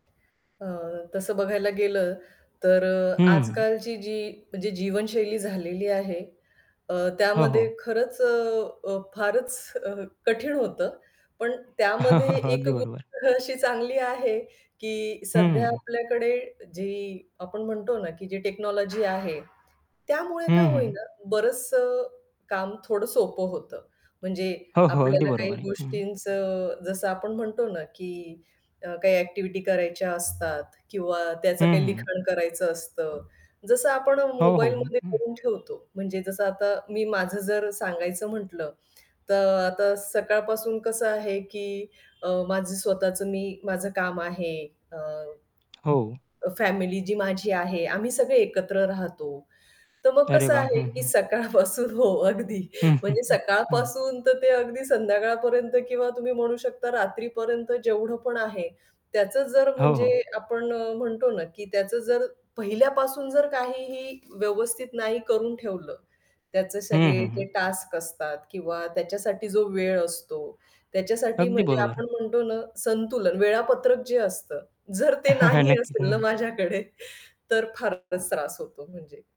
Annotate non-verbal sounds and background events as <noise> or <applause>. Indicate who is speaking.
Speaker 1: अ, तसं बघायला गेलं तर अ,
Speaker 2: हं.
Speaker 1: आजकालची जी म्हणजे जीवनशैली झालेली आहे. अ,
Speaker 2: हो, हो.
Speaker 1: त्यामध्ये खरंच अ, अ, फारच अ, कठीण होतं. पण त्यामध्ये
Speaker 2: <chuckles>
Speaker 1: एक
Speaker 2: अगदी बरोबर.
Speaker 1: गोष्ट अशी चांगली आहे की सध्या
Speaker 2: हं.
Speaker 1: आपल्याकडे जी आपण म्हणतो ना की जी टेक्नॉलॉजी आहे. त्यामुळे काय
Speaker 2: हं,
Speaker 1: होईल
Speaker 2: हं.
Speaker 1: ना, बरचंस काम थोडं सोपं होतं. म्हणजे
Speaker 2: हो, हो. अगदी
Speaker 1: आपल्याला काही
Speaker 2: बरोबर आहे. हं.
Speaker 1: गोष्टींचं अ, जसं आपण म्हणतो ना की अ, काही ॲक्टिव्हिटी करायच्या असतात किंवा त्याचं
Speaker 2: हं,
Speaker 1: काही
Speaker 2: हं.
Speaker 1: लिखाण करायचं असतं. जसं आपण
Speaker 2: हो, हो, हो.
Speaker 1: मोबाईलमध्ये
Speaker 2: हं.
Speaker 1: करून ठेवतो म्हणजे जसं आता मी माझं जर सांगायचं म्हटलं तर आता सकाळपासून कसं आहे की अ, माझं स्वतःचं मी माझं काम आहे. अ,
Speaker 2: हो.
Speaker 1: फॅमिली जी माझी आहे, आम्ही सगळे एकत्र राहतो. तर मग
Speaker 2: अरे
Speaker 1: कसं
Speaker 2: वाह!
Speaker 1: आहे
Speaker 2: हं,
Speaker 1: की
Speaker 2: हं.
Speaker 1: सकाळपासून हो, अगदी
Speaker 2: हं, हं,
Speaker 1: म्हणजे
Speaker 2: हं. हं.
Speaker 1: सकाळपासून तर ते अगदी संध्याकाळपर्यंत किंवा तुम्ही म्हणू शकता रात्रीपर्यंत जेवढं पण आहे, त्याचं जर
Speaker 2: हो,
Speaker 1: म्हणजे
Speaker 2: हो.
Speaker 1: आपण अ, म्हणतो ना की त्याचं जर पहिल्यापासून जर काहीही व्यवस्थित नाही करून ठेवलं. त्याचे
Speaker 2: हं,
Speaker 1: सगळे
Speaker 2: हं,
Speaker 1: जे
Speaker 2: हं.
Speaker 1: टास्क असतात किंवा त्याच्यासाठी जो वेळ असतो. त्याच्यासाठी
Speaker 2: अगदी
Speaker 1: म्हणजे
Speaker 2: बरोबर.
Speaker 1: आपण म्हणतो ना संतुलन वेळापत्रक जे असतं जर ते
Speaker 2: <chuckles>
Speaker 1: नाही
Speaker 2: नक्कीच,
Speaker 1: असेल ना
Speaker 2: हं.
Speaker 1: माझ्याकडे तर फारच त्रास होतो म्हणजे.